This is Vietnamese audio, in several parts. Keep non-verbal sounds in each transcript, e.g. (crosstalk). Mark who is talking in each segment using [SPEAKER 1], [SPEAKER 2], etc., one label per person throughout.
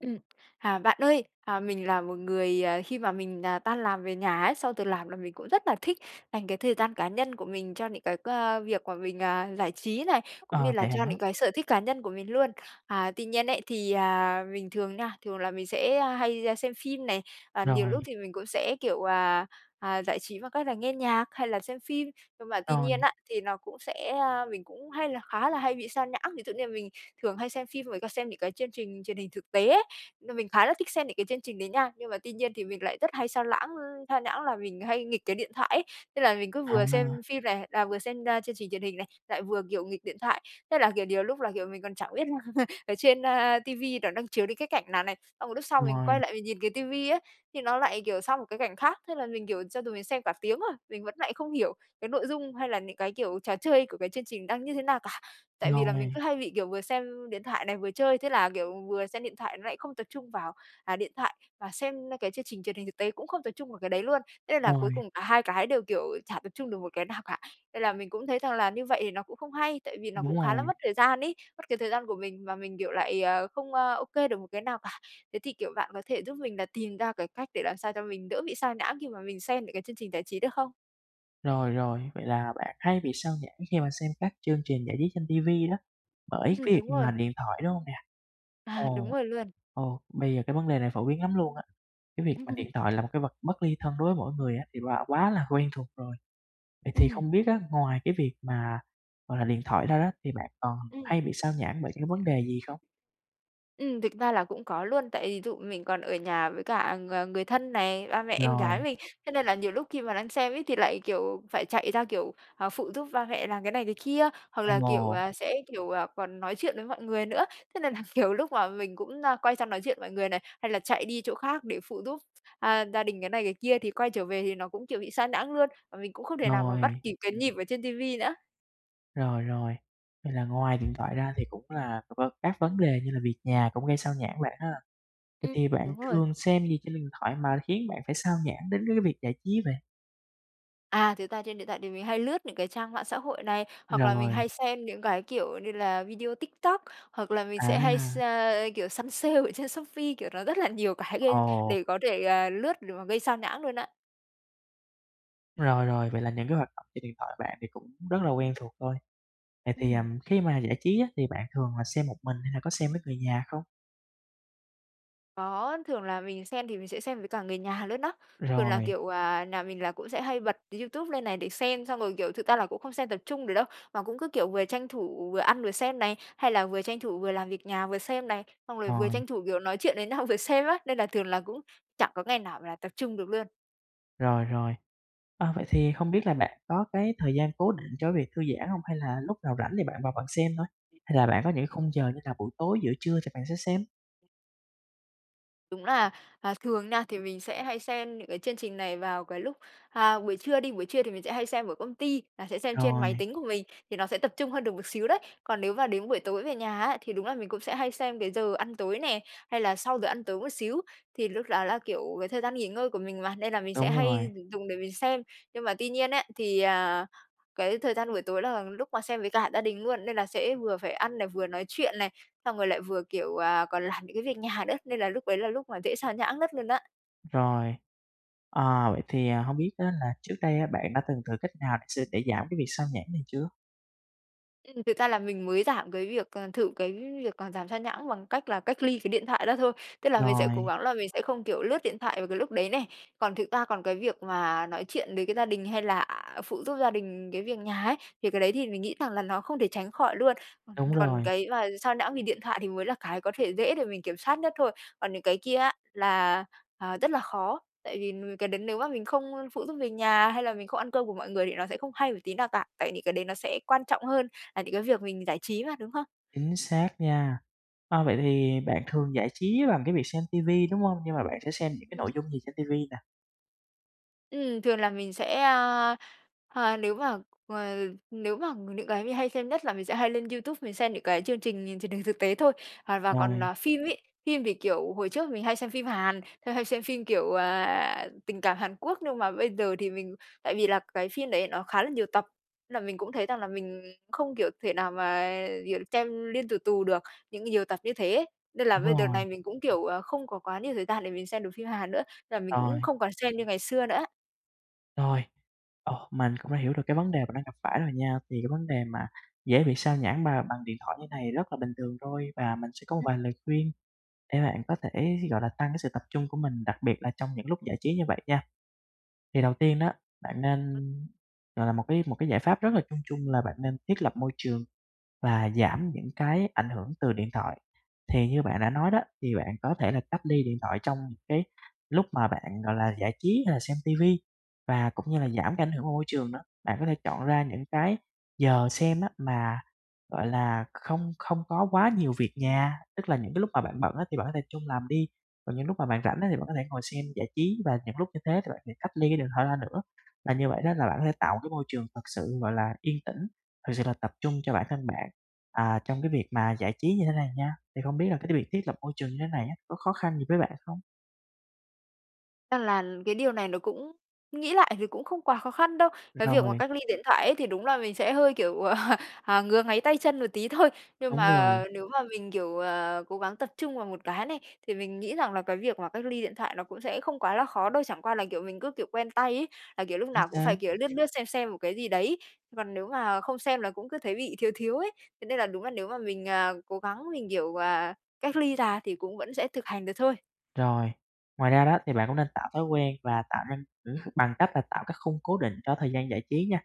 [SPEAKER 1] Ừm. À, bạn ơi, à, mình là một người, à, khi mà mình, à, tan làm về nhà ấy, sau từ làm là mình cũng rất là thích dành cái thời gian cá nhân của mình cho những cái, ơ, việc mà mình, à, giải trí này, cũng như
[SPEAKER 2] Ờ,
[SPEAKER 1] là
[SPEAKER 2] vậy
[SPEAKER 1] cho
[SPEAKER 2] hả?
[SPEAKER 1] những cái sở thích cá nhân của mình luôn. À, tuy nhiên ấy, thì, à, mình thường nha, thường là mình sẽ, a, hay, a, xem phim này, à, nhiều
[SPEAKER 2] Rồi.
[SPEAKER 1] lúc thì mình cũng sẽ, kiểu, à, à, giải trí bằng cách là nghe nhạc, hay là xem phim, nhưng mà tuy nhiên
[SPEAKER 2] Rồi.
[SPEAKER 1] á, thì nó cũng sẽ, a, mình cũng hay là khá là hay bị xao nhãng. Ví dụ như là mình thường hay xem phim với lại xem những cái chương trình truyền hình thực tế ấy, thì mình khá là thích xem những cái chương trình đấy nha, nhưng mà tuy nhiên thì mình lại rất hay xao lãng ưm, xao nhãng là mình hay nghịch cái điện thoại ấy, tức là mình cứ vừa xem
[SPEAKER 2] À.
[SPEAKER 1] phim này là vừa xem, a, chương trình truyền hình này, lại vừa kiểu nghịch điện thoại. Thế là, kiểu, nhiều lúc là, kiểu, mình còn chẳng biết là (chuckles) ở trên, a, ti vi nó đang chiếu đến cái cảnh nào này, xong rồi lúc sau mình quay
[SPEAKER 2] Ngoài.
[SPEAKER 1] lại mình nhìn cái ti vi ấy, thì nó lại, kiểu, sang một cái cảnh khác. Thế là mình, kiểu, cho dù mình xem cả tiếng rồi, mình vẫn lại không hiểu cái nội dung, hay là những cái, kiểu, trò chơi của cái chương trình đang như thế nào cả, tại vì là mình
[SPEAKER 2] Ngồi.
[SPEAKER 1] cứ hay bị, kiểu, vừa xem điện thoại này, vừa chơi, thế là, kiểu, vừa xem điện thoại nó lại không tập trung vào, à, điện thoại và xem cái chương trình truyền hình thực tế cũng không tập trung vào cái đấy luôn, thế nên là cuối
[SPEAKER 2] Rồi.
[SPEAKER 1] cùng cả hai cái đều, kiểu, chả tập trung được một cái nào cả. Nên là mình cũng thấy rằng là như vậy thì nó cũng không hay, tại vì nó
[SPEAKER 2] Đúng
[SPEAKER 1] cũng khá là
[SPEAKER 2] rồi.
[SPEAKER 1] mất thời gian ấy, mất cái thời gian của mình và mình, kiểu, lại, ờ, không, ơ, ô kê được một cái nào cả. Thế thì, kiểu, bạn có thể giúp mình là tìm ra cái cách để làm sao cho mình đỡ bị sao nhãng khi mà mình xem những cái chương trình giải trí được không?
[SPEAKER 2] Rồi, rồi, vậy là bạn hay bị xao nhãng khi mà xem các chương trình giải trí trên ti vi đó bởi
[SPEAKER 1] Ừm,
[SPEAKER 2] cái việc
[SPEAKER 1] đúng
[SPEAKER 2] mà
[SPEAKER 1] rồi.
[SPEAKER 2] điện thoại, đúng hông nè?
[SPEAKER 1] À, đúng
[SPEAKER 2] Ồ,
[SPEAKER 1] rồi luôn.
[SPEAKER 2] ồ, bây giờ cái vấn đề này phổ biến lắm luôn á, cái việc mà điện
[SPEAKER 1] (laughs)
[SPEAKER 2] thoại là một cái vật bất ly thân đối với mỗi người á thì quà quá là quen thuộc rồi. Vậy thì
[SPEAKER 1] Ừm.
[SPEAKER 2] không biết á ngoài cái việc mà, gọi là, điện thoại ra đó, thì bạn còn
[SPEAKER 1] Ừm.
[SPEAKER 2] hay bị xao nhãng bởi cái vấn đề gì không?
[SPEAKER 1] Ừm, thực ra là cũng có luôn, tại ví dụ mình còn ở nhà với cả ng người thân này, ba, mẹ, em gái
[SPEAKER 2] Rồi.
[SPEAKER 1] mình, thế nên là nhiều lúc khi mà đang xem ấy thì lại, kiểu, phải chạy ra, kiểu, à, phụ giúp ba mẹ làm cái này cái kia, hoặc là, kiểu,
[SPEAKER 2] Ồ.
[SPEAKER 1] sẽ, kiểu, còn nói chuyện với mọi người nữa. Thế nên là nhiều lúc mà mình cũng, a, quay sang nói chuyện mọi người này, hay là chạy đi chỗ khác để phụ giúp, a, gia đình cái này, cái kia thì quay trở về thì nó cũng, kiểu, bị xao nhãng luôn và mình cũng không thể nào mà bắt
[SPEAKER 2] Rồi.
[SPEAKER 1] kịp cái nhịp ở trên ti vi nữa.
[SPEAKER 2] Rồi, rồi. Vậy là ngoài điện thoại ra thì cũng là v vân các vấn đề như là việc nhà cũng gây xao nhãng bạn ha. Vậy
[SPEAKER 1] Ừm,
[SPEAKER 2] thì bạn
[SPEAKER 1] đúng rồi.
[SPEAKER 2] thường xem gì trên điện thoại mà khiến bạn phải xao nhãng đến c cái việc giải trí vậy?
[SPEAKER 1] À, thật ra trên điện thoại thì mình hay lướt những cái trang mạng xã hội này, hoặc là mình
[SPEAKER 2] Rồi.
[SPEAKER 1] hay xem những cái, kiểu như là, video TikTok, hoặc là mình sẽ hay s
[SPEAKER 2] À.
[SPEAKER 1] kiểu, săn sale ở trên Shopee, kiểu, nó rất là nhiều cái gây
[SPEAKER 2] Ồ.
[SPEAKER 1] để có thể, ờ, lướt để mà gây xao nhãng luôn á.
[SPEAKER 2] Rồi, rồi, vậy là những cái hoạt động trên điện thoại bạn thì cũng rất là quen thuộc thôi. Vậy thì, à,
[SPEAKER 1] Ừm.
[SPEAKER 2] khi mà giải trí á thì bạn thường là xem một mình hay là có xem với người nhà không?
[SPEAKER 1] Có, thường là mình xem thì mình sẽ xem với cả người nhà luôn á. Thường là,
[SPEAKER 2] Rồi.
[SPEAKER 1] kiểu, à, nhà mình là cũng sẽ hay bật YouTube lên này để xem, xong rồi, kiểu, thực ra là cũng không xem tập trung được đâu, mà cũng cứ, kiểu, vừa tranh thủ vừa ăn vừa xem này, hay là vừa tranh thủ vừa làm việc nhà vừa xem này, xong rồi vừa
[SPEAKER 2] Rồi
[SPEAKER 1] tranh thủ, kiểu, nói chuyện với nhau vừa xem á, nên là thường là cũng chẳng có ngày nào là tập trung được luôn.
[SPEAKER 2] Rồi, rồi. Ờ, vậy thì không biết là bạn có cái thời gian cố định cho cái việc thư giãn hông, hay là lúc nào rảnh thì bạn vào bạn xem thôi? Hay là bạn có những cái khung giờ như là buổi tối, giữa trưa thì bạn sẽ xem?
[SPEAKER 1] Đúng là, à, thường nha, thì mình sẽ hay xem những cái chương trình này vào cái lúc, à, buổi trưa đi, buổi trưa thì mình sẽ hay xem ở công ty, là sẽ xem trên
[SPEAKER 2] Rồi.
[SPEAKER 1] máy tính của mình, thì nó sẽ tập trung hơn được một xíu đấy, còn nếu mà đến buổi tối về nhà á, thì đúng là mình cũng sẽ hay xem cái giờ ăn tối nè, hay là sau giờ ăn tối một xíu. Thì lúc đó là, kiểu, cái thời gian nghỉ ngơi của mình mà, nên là mình sẽ
[SPEAKER 2] Đúng
[SPEAKER 1] hay
[SPEAKER 2] rồi.
[SPEAKER 1] dùng để mình xem, nhưng mà tuy nhiên ấy, thì, à, cái thời gian buổi tối là lúc mà xem với cả gia đình luôn nên là sẽ vừa phải ăn này, vừa nói chuyện này, xong rồi lại vừa, kiểu, à, còn làm những cái việc nhà nữa, nên là lúc ấy là lúc mà dễ xao nhãng nhất luôn á.
[SPEAKER 2] Rồi. Ờ, vậy thì, à, hông biết á là trước đây á bạn đã từng thử cách nào s để giảm cái việc sao nhãng này chưa?
[SPEAKER 1] Ừm, thực ra là mình mới giảm cái việc ờ, thử cái việc giảm sao nhãng bằng cách là cách ly cái điện thoại đó thôi, tức là mình sẽ cố
[SPEAKER 2] Rồi.
[SPEAKER 1] gắng là mình sẽ không, kiểu, lướt điện thoại vào cái lúc đấy này. Còn thực ra còn cái việc mà nói chuyện với cái gia đình hay là phụ giúp gia đình cái việc nhà ấy, thì cái đấy thì mình nghĩ rằng là nó không thể tránh khỏi luôn.
[SPEAKER 2] Đúng
[SPEAKER 1] Còn
[SPEAKER 2] rồi.
[SPEAKER 1] cái mà sao nhãng vì điện thoại thì mới là cái có thể dễ để mình kiểm soát nhất thôi, còn những cái kia á là, à, rất là khó, tại vì, ừm, cái đấy nếu mà mình không phụ giúp việc nhà hay là mình không ăn cơm của mọi người thì nó sẽ không hay một tí nào cả, tại những cái đấy nó sẽ quan trọng hơn là những cái việc mình giải trí mà, đúng không?
[SPEAKER 2] Chính xác nha. Ờ, vậy thì bạn thường giải trí bằng cái việc xem ti vi, đúng hông? Nhưng mà bạn sẽ xem những cái
[SPEAKER 1] Ừm.
[SPEAKER 2] nội dung gì trên ti vi nè?
[SPEAKER 1] Ừm, thường là mình sẽ, ơ, a, nếu mà, ờ, nếu mà những cái mình hay xem nhất là mình sẽ hay lên YouTube mình xem những cái chương trình nh truyền hình thực tế thôi. Hà và còn
[SPEAKER 2] Rồi.
[SPEAKER 1] phim ấy, phim thì, kiểu, hồi trước mình hay xem phim Hàn, hay xem phim, kiểu, à, tình cảm Hàn Quốc, nhưng mà bây giờ thì mình tại vì là cái phim đấy nó khá là nhiều tập, nên là mình cũng thấy rằng là mình không, kiểu, thể nào mà, kiểu, xem liên tù tù được những nhiều tập như thế. Nên là
[SPEAKER 2] Đúng
[SPEAKER 1] bây đợt
[SPEAKER 2] rồi.
[SPEAKER 1] này mình cũng, kiểu, ờ, không có quá nhiều thời gian để mình xem được phim Hàn nữa, nên là mình
[SPEAKER 2] Rồi.
[SPEAKER 1] cũng không còn xem như ngày xưa nữa.
[SPEAKER 2] Rồi, ờ, mình cũng đã hiểu được cái vấn đề bạn đang gặp phải rồi nha. Thì cái vấn đề mà dễ bị xao nhãng bà bằng điện thoại như thế này rất là bình thường thôi, và mình sẽ có một
[SPEAKER 1] Ừm.
[SPEAKER 2] vài lời khuyên để bạn có thể, gọi là, tăng cái sự tập trung của mình, đặc biệt là trong những lúc giải trí như vậy nha. Thì đầu tiên đó bạn
[SPEAKER 1] Ừm.
[SPEAKER 2] nên, gọi là, một cái một cái giải pháp rất là chung chung là bạn nên thiết lập môi trường và giảm những cái ảnh hưởng từ điện thoại. Thì như bạn đã nói đó, thì bạn có thể là cách ly điện thoại trong cái lúc mà bạn, gọi là, giải trí hay là xem ti vi và cũng như là
[SPEAKER 1] Ừm.
[SPEAKER 2] giảm cái ảnh hưởng của môi trường nữa. Bạn có thể chọn ra những cái giờ xem á mà, gọi là, không không có quá nhiều việc nhà, tức là những cái lúc mà bạn bận á thì bạn có thể trung làm đi, còn những lúc mà bạn rảnh á thì bạn có thể ngồi xem giải trí và những lúc như thế thì bạn hãy cách ly cái điện thoại ra nữa. Và như vậy đó là bạn có thể tạo một cái môi trường thực sự, gọi là, yên tĩnh, thực sự là tập trung cho bản thân bạn, à, trong cái việc mà giải trí như thế này nha. Thì không biết là cái cái việc thiết lập môi trường như thế này á có khó khăn gì với bạn không?
[SPEAKER 1] Ơ, là cái điều này nó cũng nghĩ lại thì cũng không quá khó khăn đâu. Cái việc mà
[SPEAKER 2] Rồi.
[SPEAKER 1] cách ly điện thoại ấy thì đúng là mình sẽ hơi, kiểu, (laughs) ờ, ngứa ngáy tay chân một tí thôi, nhưng
[SPEAKER 2] Đúng rồi.
[SPEAKER 1] mà nếu mà mình, kiểu, ờ, cố gắng tập trung vào một cái này, thì mình nghĩ rằng là cái việc mà cách ly điện thoại nó cũng sẽ không quá là khó đâu, chẳng qua là, kiểu, mình cứ, kiểu, quen tay ấy, là, kiểu, lúc
[SPEAKER 2] Chính
[SPEAKER 1] nào cũng
[SPEAKER 2] xác.
[SPEAKER 1] phải, kiểu, lướt lướt, xem xem một cái gì đấy. Còn nếu mà không xem là cũng cứ thấy bị thiếu thiếu ấy, thế nên là đúng là nếu mà mình, à, cố gắng, mình, kiểu, ờ, cách ly ra thì cũng vẫn sẽ thực hành được thôi.
[SPEAKER 2] Rồi, ngoài ra đó thì bạn cũng nên tạo thói quen và tạo nên bằng cách là tạo cái khung cố định cho thời gian giải trí nha.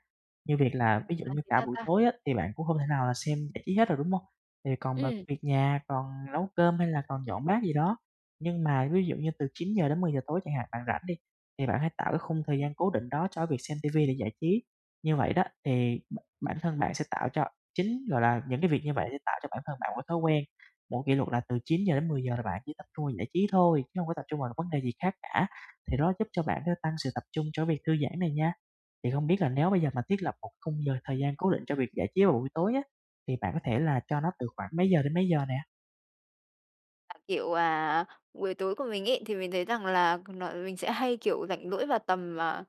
[SPEAKER 2] Như việc
[SPEAKER 1] Ừm,
[SPEAKER 2] là ví dụ
[SPEAKER 1] là
[SPEAKER 2] như
[SPEAKER 1] thế
[SPEAKER 2] cả
[SPEAKER 1] nào
[SPEAKER 2] buổi
[SPEAKER 1] ta?
[SPEAKER 2] tối á thì bạn cũng hông thể nào là xem giải trí hết rồi, đúng hông? Thì còn mà
[SPEAKER 1] Ừm.
[SPEAKER 2] việc nhà, còn nấu cơm, hay là còn dọn bát gì đó. Nhưng mà ví dụ như từ 9:00-10:00 tối chẳng hạn bạn rảnh đi, thì bạn hãy tạo cái khung thời gian cố định đó cho việc xem ti vi để giải trí. Như vậy đó, thì bả bản thân bạn sẽ tạo cho chính, gọi là, những cái việc như vậy sẽ tạo cho bản thân bạn một cái thói quen. Mỗi kỷ luật là từ 9:00-10:00 là bạn chỉ tập trung vào giải trí thôi, chứ hông có tập trung vào vấn đề gì khác cả, thì đó, giúp cho bạn sẽ tăng sự tập trung cho cái việc thư giãn này nha. Thì không biết là nếu bây giờ mà thiết lập một khung giờ thời gian cố định cho việc giải trí vào buổi tối á, thì bạn có thể là cho nó từ khoảng mấy giờ đến mấy giờ nè?
[SPEAKER 1] À, kiểu, à, buổi tối của mình ấy thì mình thấy rằng là nó mình sẽ hay, kiểu, rảnh rỗi vào tầm, à,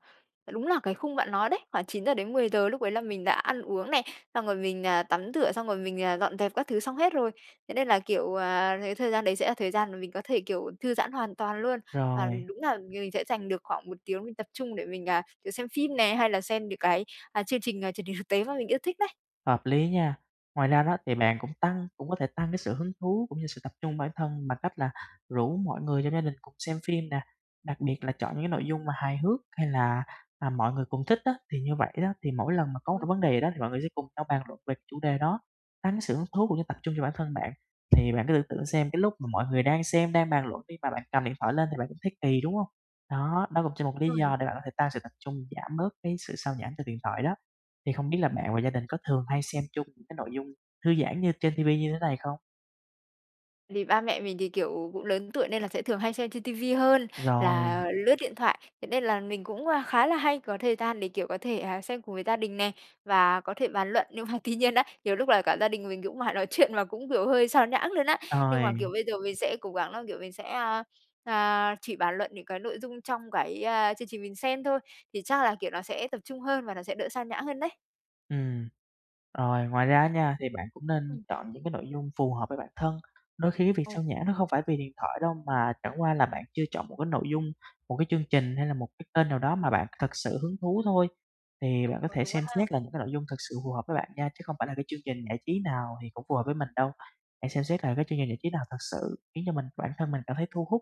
[SPEAKER 1] đúng là cái khung bạn nói đấy, khoảng 9:00-10:00, lúc đấy là mình đã ăn uống này, xong rồi mình, à, tắm rửa, xong rồi mình, à, dọn dẹp các thứ xong hết rồi, thế nên là, kiểu, à, cái thời gian đấy sẽ là thời gian mà mình có thể, kiểu, thư giãn hoàn toàn luôn. Và
[SPEAKER 2] Rồi.
[SPEAKER 1] đúng là m mình sẽ dành được khoảng 1 tiếng mình tập trung để mình, à, kiểu, xem phim nè, hay là xem những cái, à, chương trình, à, truyền hình thực tế mà mình yêu thích đấy.
[SPEAKER 2] Hợp lý nha. Ngoài ra đó thì bạn cũng tăng cũng có thể tăng cái sự hứng thú, cũng như sự tập trung bản thân bằng cách là rủ mọi người trong gia đình cùng xem phim nè, đặc biệt là chọn những cái nội dung mà hài hước hay là, à, mọi người cùng thích á. Thì như vậy đó, thì mỗi lần mà có một cái
[SPEAKER 1] (unintelligible)
[SPEAKER 2] vấn đề gì đó thì mọi người sẽ cùng nhau bàn luận về chủ đề đó, tăng cái sự hứng thú cũng như tập trung cho bản thân bạn. Thì bạn cứ tưởng tượng xem, cái lúc mà mọi người đang xem, đang bàn luận đi, mà bạn cầm điện thoại lên thì bạn cũng thấy kỳ, đúng hông? Đó, nó cũng cho một lý
[SPEAKER 1] Rồi.
[SPEAKER 2] do để bạn có thể tăng sự tập trung, giảm bớt cái sự sao nhãng từ điện thoại đó. Thì không biết là bạn và gia đình có thường hay xem chung những cái nội dung thư giãn như trên TV như thế này không?
[SPEAKER 1] Thì ba mẹ mình thì, kiểu, cũng lớn tuổi nên là sẽ thường hay xem trên TV hơn
[SPEAKER 2] Rồi.
[SPEAKER 1] là lướt điện thoại, thế nên là mình cũng, a, khá là hay có thời gian để, kiểu, có thể, à, xem cùng với gia đình nè, và có thể bàn luận. Nhưng mà tuy nhiên đấy, nhiều lúc là cả gia đình mình cũng mải nói chuyện mà cũng, kiểu, hơi sao nhãng luôn á. Nhưng mà,
[SPEAKER 2] Rồi.
[SPEAKER 1] kiểu, bây giờ mình sẽ cố gắng là, kiểu, mình sẽ, a, a, chỉ bàn luận những cái nội dung trong cái, a, chương trình mình xem thôi, thì chắc là, kiểu, nó sẽ tập trung hơn và nó sẽ đỡ sao nhãng hơn đấy.
[SPEAKER 2] Ừm. Rồi, ngoài ra á nha, thì bạn cũng nên
[SPEAKER 1] Ừm.
[SPEAKER 2] chọn những cái nội dung phù hợp với bản thân, đôi khi cái việc
[SPEAKER 1] Ồ.
[SPEAKER 2] sao nhãng nó không phải vì điện thoại đâu, mà chẳng qua là bạn chưa chọn một cái nội dung, một cái chương trình hay là một cái kênh nào đó mà bạn thực sự hứng thú thôi. Thì
[SPEAKER 1] Ờ,
[SPEAKER 2] bạn có
[SPEAKER 1] ờ,
[SPEAKER 2] thể
[SPEAKER 1] đúng quá
[SPEAKER 2] xem
[SPEAKER 1] ha.
[SPEAKER 2] xét là những cái nội dung thực sự phù hợp với bạn nha, chứ không phải là cái chương trình giải trí nào thì cũng phù hợp với mình đâu. Hãy xem xét là cái chương trình giải trí nào thực sự khiến cho mình, bản thân mình cảm thấy thu hút,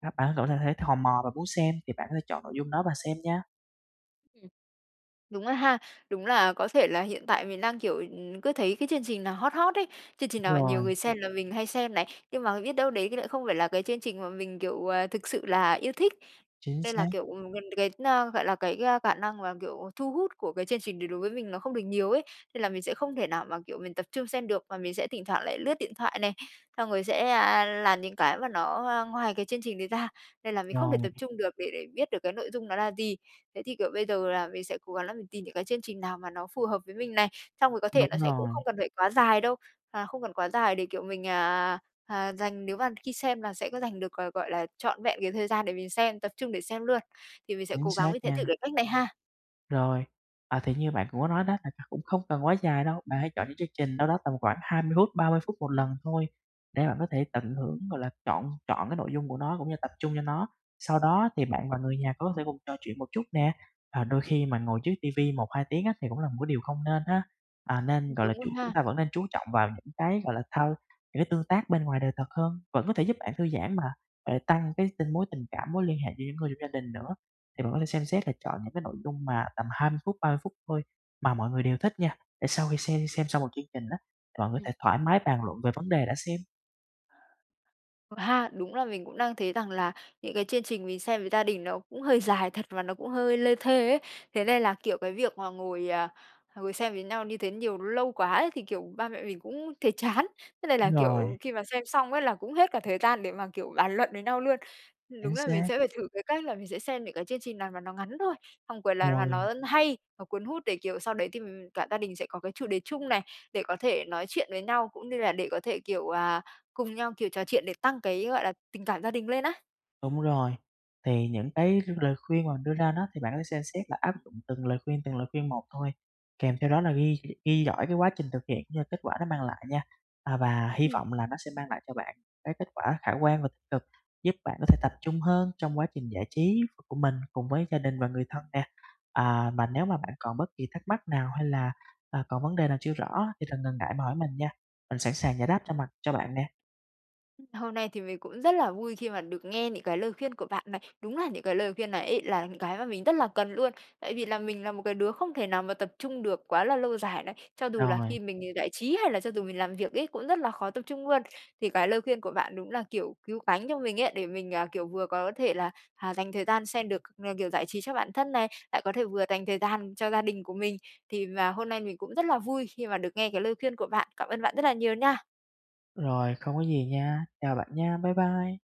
[SPEAKER 2] a, bạn có thể th thấy thò mò và muốn xem, thì bạn có thể chọn nội dung đó và xem nha.
[SPEAKER 1] Ừm, đúng rồi ha, đúng là có thể là hiện tại mình đang, kiểu, ừm, cứ thấy cái chương trình nào hot hot ấy, chương trình nào mà nhiều
[SPEAKER 2] Rồi.
[SPEAKER 1] người xem là mình hay xem này, nhưng mà biết đâu đấy lại không phải là cái chương trình mà mình, kiểu, à, thực sự là yêu thích.
[SPEAKER 2] Chính
[SPEAKER 1] Nên là,
[SPEAKER 2] xác.
[SPEAKER 1] kiểu, ừm, gần đến, gọi là, cái, a, cả năng mà, kiểu, thu hút của cái chương trình đấy đối với mình nó không được nhiều ấy, nên là mình sẽ không thể nào mà, kiểu, mình tập trung xem được, và mình sẽ thỉnh thoảng lại lướt điện thoại này, xong rồi sẽ, a, làm những cái mà nó, à, ngoài cái chương trình đấy ra, nên là mình không thể
[SPEAKER 2] Rồi.
[SPEAKER 1] tập trung được để để biết được cái nội dung nó là gì. Thế thì, kiểu, bây giờ là mình sẽ cố gắng là mình tìm những cái chương trình nào mà nó phù hợp với mình này, xong rồi có thể
[SPEAKER 2] Đúng
[SPEAKER 1] nó sẽ cũng
[SPEAKER 2] rồi.
[SPEAKER 1] không cần phải quá dài đâu, à, không cần quá dài để, kiểu, mình, à, à, dành nếu mà khi xem là sẽ có dành được, g gọi là, trọn vẹn cái thời gian để mình xem, tập trung để xem luôn, thì mình sẽ
[SPEAKER 2] Chính
[SPEAKER 1] cố gắng
[SPEAKER 2] xác
[SPEAKER 1] mình sẽ thử
[SPEAKER 2] nha.
[SPEAKER 1] cái cách này ha.
[SPEAKER 2] Rồi, à, thì như bạn cũng có nói đó, thật ra cũng không cần quá dài đâu, bạn hãy chọn những chương trình đâu đó tầm khoảng 20 phút, 30 phút một lần thôi, để bạn có thể tận hưởng, gọi là, trọn trọn cái nội dung của nó, cũng như tập trung cho nó, sau đó thì bạn và người nhà có thể cùng trò chuyện một chút nè. Và đôi khi mà ngồi trước ti vi 1-2 tiếng á thì cũng là một cái điều không nên ha, à, nên,
[SPEAKER 1] Ừm,
[SPEAKER 2] gọi
[SPEAKER 1] đúng
[SPEAKER 2] là,
[SPEAKER 1] rồi
[SPEAKER 2] chuyện chúng
[SPEAKER 1] ha!
[SPEAKER 2] ta vẫn nên chú trọng vào những cái, gọi là, thao những cái tương tác bên ngoài đời thật hơn, vẫn có thể giúp bạn thư giãn mà, mà lại tăng cái tình mối tình cảm, mối liên hệ với những người trong gia đình nữa. Thì vẫn có thể xem xét là chọn những cái nội dung mà tầm 20 phút, 30 phút thôi mà mọi người đều thích nha, để sau khi xem xem xong một chương trình á, thì mọi người có
[SPEAKER 1] Ừm.
[SPEAKER 2] thể thoải mái bàn luận về vấn đề đã xem.
[SPEAKER 1] Ờ ha, đúng là mình cũng đang thấy rằng là những cái chương trình mình xem với gia đình nó cũng hơi dài thật, và nó cũng hơi lê thê ấy, thế nên là, kiểu, cái việc mà ngồi, à, ngồi xem với nhau như thế nhiều lâu quá ấy thì, kiểu, ba mẹ mình cũng thấy chán. Thế nên là,
[SPEAKER 2] Đúng rồi.
[SPEAKER 1] kiểu, khi mà xem xong ấy là cũng hết cả thời gian để mà, kiểu, bàn luận với nhau luôn. Ừm, đúng
[SPEAKER 2] Chính
[SPEAKER 1] là mình
[SPEAKER 2] xác.
[SPEAKER 1] sẽ phải thử cái cách là mình sẽ xem những cái chương trình nào mà nó ngắn thôi, xong quyền là mà
[SPEAKER 2] Rồi.
[SPEAKER 1] nó hay, nó cuốn hút để, kiểu, sau đấy thì mình cả gia đình sẽ có cái chủ đề chung này, để có thể nói chuyện với nhau cũng như là để có thể, kiểu, à, cùng nhau, kiểu, trò chuyện để tăng cái, gọi là, tình cảm gia đình lên á.
[SPEAKER 2] Đúng rồi. Thì những cái l lời khuyên mà mình đưa ra nó, thì bạn có thể xem xét là áp dụng từng lời khuyên, từng lời khuyên một thôi, kèm theo đó là ghi gh ghi dõi cái quá trình thực hiện, cũng như là kết quả nó mang lại nha. À, và hy
[SPEAKER 1] Ừm.
[SPEAKER 2] vọng là nó sẽ mang lại cho bạn cái kết quả khả quan và tích cực, giúp bạn có thể tập trung hơn trong quá trình giải trí của mình cùng với gia đình và người thân nè. À, mà nếu mà bạn còn bất kỳ thắc mắc nào hay là, à, còn vấn đề nào chưa rõ á, thì đừng ngần ngại mà hỏi mình nha, mình sẵn sàng giải đáp cho mặt cho bạn nè.
[SPEAKER 1] Hôm nay thì mình cũng rất là vui khi mà được nghe những cái lời khuyên của bạn này. Đúng là những cái lời khuyên này ấy là những cái mà mình rất là cần luôn. Tại vì là mình là một cái đứa không thể nào mà tập trung được quá là lâu dài này, cho dù là
[SPEAKER 2] Rồi.
[SPEAKER 1] khi mình đi giải trí hay là cho dù mình làm việc ấy cũng rất là khó tập trung luôn, thì cái lời khuyên của bạn đúng là, kiểu, cứu cánh cho mình ấy, để mình, à, kiểu vừa có thể là, à, dành thời gian xem được, ờ, kiểu, giải trí cho bản thân này, lại có thể vừa dành thời gian cho gia đình của mình. Thì mà hôm nay mình cũng rất là vui khi mà được nghe cái lời khuyên của bạn. Cảm ơn bạn rất là nhiều nha.
[SPEAKER 2] Rồi, không có gì nha. Chào bạn nha, bye bye.